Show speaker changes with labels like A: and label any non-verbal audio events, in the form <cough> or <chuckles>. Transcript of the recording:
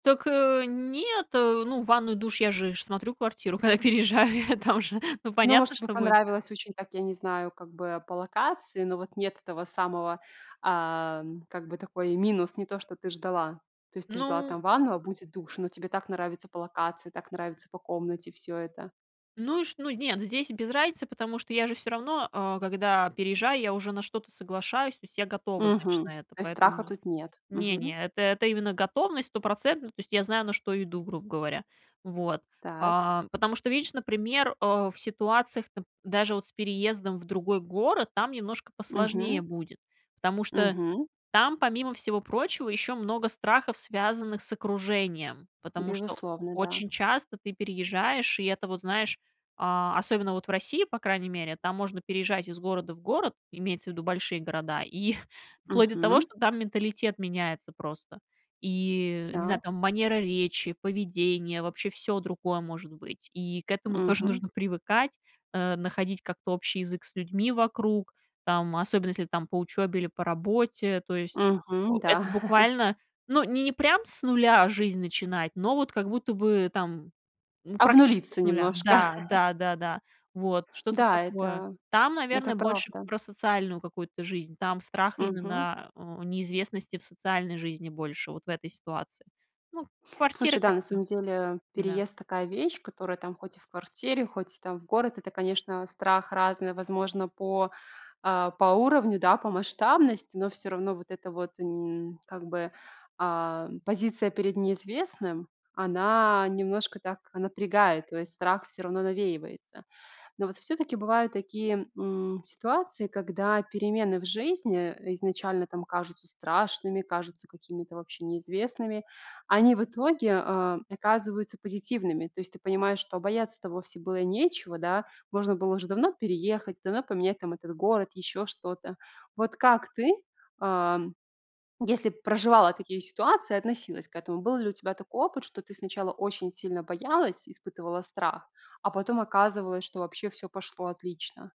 A: Так, э, нет, э, ну, ванную, душ, я же ж смотрю квартиру, когда переезжаю, там же, ну
B: Ну может
A: понятно,
B: тебе,
A: что будет.
B: понравилось очень так я не знаю как бы по локации, но вот нет этого самого, ам, как бы такой минус, не то, что ты ждала. То есть, ты ждала
A: Ну
B: ванну, а будет душ, но тебе так нравится по локации, так нравится по комнате всё это.
A: Ну и ш ну нет, здесь без разницы, потому что я же всё равно а, когда переезжаю, я уже на что-то соглашаюсь. То есть, я готова, значит,
B: Мгм.
A: на это,
B: То есть, страха
A: поэтому
B: тут нет. Мгм.
A: Не-не, это это именно готовность стопроцентно. То есть, я знаю, на что иду, грубо говоря. Вот,
B: Так.
A: а потому что, видишь, например а, в ситуациях нап даже вот с переездом в другой город, там немножко
B: Мгм.
A: посложнее будет. Потому что
B: Мгм.
A: там, помимо всего прочего, ещё много страхов, связанных с окружением. Потому что
B: Безусловно, да.
A: очень часто ты переезжаешь, и это вот знаешь, а, особенно вот в России, по крайней мере, там можно переезжать из города в город, имеется в виду большие города, и <chuckles> вплоть до того,
B: Мгм.
A: что там менталитет меняется просто. И не знаю,
B: Так.
A: там, манера речи, поведение, вообще всё другое может быть. И к этому тоже
B: Мгм.
A: нужно привыкать, а, находить как-то общий язык с людьми вокруг. Там, особенно если там по учёбе или по работе. То есть, э,
B: Мгм, да.
A: это
B: <laughs>
A: буквально, ну, ни не прям с нуля жизнь начинать, но вот как будто бы там ну практически
B: Обнулиться
A: с нуля.
B: немножко.
A: Да
B: <laughs>
A: да да да. Вот что-то
B: Да,
A: такое.
B: это
A: Там,
B: это
A: наверное, больше
B: правда.
A: про социальную какую-то жизнь. Там страх
B: Мгм.
A: именно, а, у неизвестности в социальной жизни больше вот в этой ситуации. Ну, квартиры
B: Слушай да
A: как
B: на
A: всё.
B: самом деле,
A: М-да.
B: переезд такая вещь, которая там хоть и в квартире, хоть и там в город, это, конечно, страх разный, возможно, по, а, по уровню, да, по масштабности, но всё равно вот эта вот, м, как бы, ам, позиция перед неизвестным, она немножко так напрягает, то есть, страх всё равно навеивается. Но вот всё-таки бывают такие, м, ситуации, когда перемены в жизни изначально там кажутся страшными, кажутся какими-то вообще неизвестными, они в итоге, а, оказываются позитивными. То есть, ты понимаешь, что бояться-то вовсе было и нечего да, можно было уже давно переехать, давно поменять там этот город, ещё что-то. Вот как ты, ам, если проживала такие ситуации, относилась к этому, был ли у тебя такой опыт, что ты сначала очень сильно боялась, и испытывала страх, а потом оказывалось, что вообще всё пошло отлично?